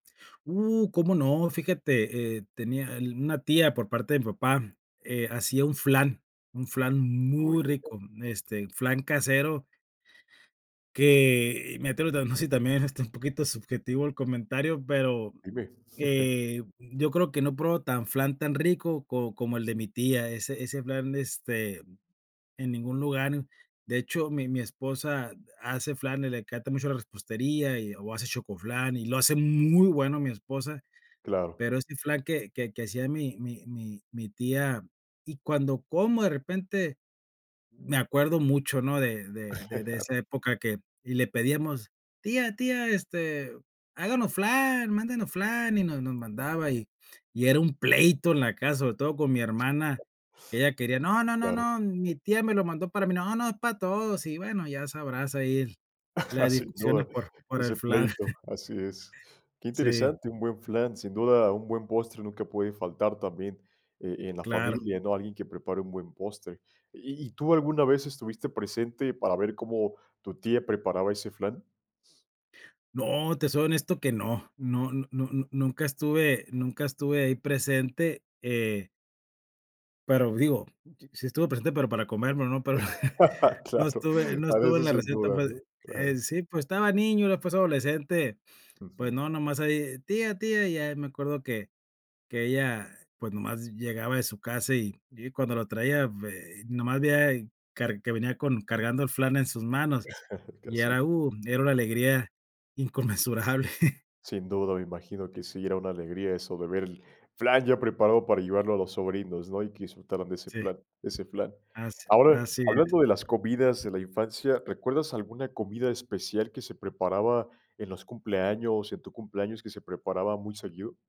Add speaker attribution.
Speaker 1: Uh, cómo no. Fíjate, eh, tenía, el una tía por parte de mi papá, eh, hacía un flan, un flan
Speaker 2: Muy
Speaker 1: muy
Speaker 2: bien.
Speaker 1: rico, este, flan casero. Que, y me atrevo, tamb si también es, este, un poquito subjetivo el comentario, pero,
Speaker 2: Dime.
Speaker 1: eh, yo creo que no pruebo tan flan tan rico co como el de mi tía, ese ese flan, este, en ningún lugar. De hecho, mi mi esposa hace flan, le encanta mucho la repostería y o hace chocoflan y lo hace muy bueno mi esposa,
Speaker 2: Claro.
Speaker 1: pero ese flan que que que hacía mi mi mi mi tía y cuando como, de repente, me acuerdo mucho, ¿no?, de de de de esa época que y le pedíamos, tía, tía, este, háganos flan, mándenos flan, y nos nos mandaba, y y era un pleito en la casa, sobre todo con mi hermana, que ella quería, no no no
Speaker 2: Claro.
Speaker 1: no, mi tía me lo mandó para mí. No, no, es para todos. Y bueno, ya sabrás ahí las
Speaker 2: Sin
Speaker 1: discusiones
Speaker 2: duda.
Speaker 1: por por el
Speaker 2: Ese
Speaker 1: flan.
Speaker 2: pleito, así es. Qué
Speaker 1: Sí.
Speaker 2: interesante, un buen flan, sin duda un buen postre nunca puede faltar también e en la
Speaker 1: Claro.
Speaker 2: familia, ¿no? Alguien que prepare un buen postre. ¿Y y tú alguna vez estuviste presente para ver cómo tu tía preparaba ese flan?
Speaker 1: No, te soy honesto que no, no n no n n nunca estuve nunca estuve ahí presente, eh Pero digo, sí estuve presente, pero para comérmelo, no para no
Speaker 2: Claro,
Speaker 1: estuve no
Speaker 2: para
Speaker 1: estuve en
Speaker 2: eso
Speaker 1: la
Speaker 2: sin
Speaker 1: receta,
Speaker 2: duda,
Speaker 1: puede
Speaker 2: ¿no?
Speaker 1: eh,
Speaker 2: Claro.
Speaker 1: sí, pues, estaba niño, era, pues, adolescente. Pues,
Speaker 2: Ujú.
Speaker 1: no, nomás ahí, ¡tía, tía! Y ya me acuerdo que que ella, pues, nomás llegaba de su casa, y y cuando la traía vei nomás veía car que venía con cargando el flan en sus manos, y
Speaker 2: Casi.
Speaker 1: era, uh, era una alegría inconmensurable.
Speaker 2: Sin duda. Me imagino que sí, era una alegría eso de ver el flan ya preparado para llevarlo a los sobrinos, ¿no?, y que disfrutaran de ese
Speaker 1: Sí.
Speaker 2: plan ese flan.
Speaker 1: As
Speaker 2: Ahora,
Speaker 1: así es.
Speaker 2: hablando de las comidas de la infancia, ¿recuerdas alguna comida especial que se preparaba en los cumpleaños, en tu cumpleaños, que se preparaba muy seguido?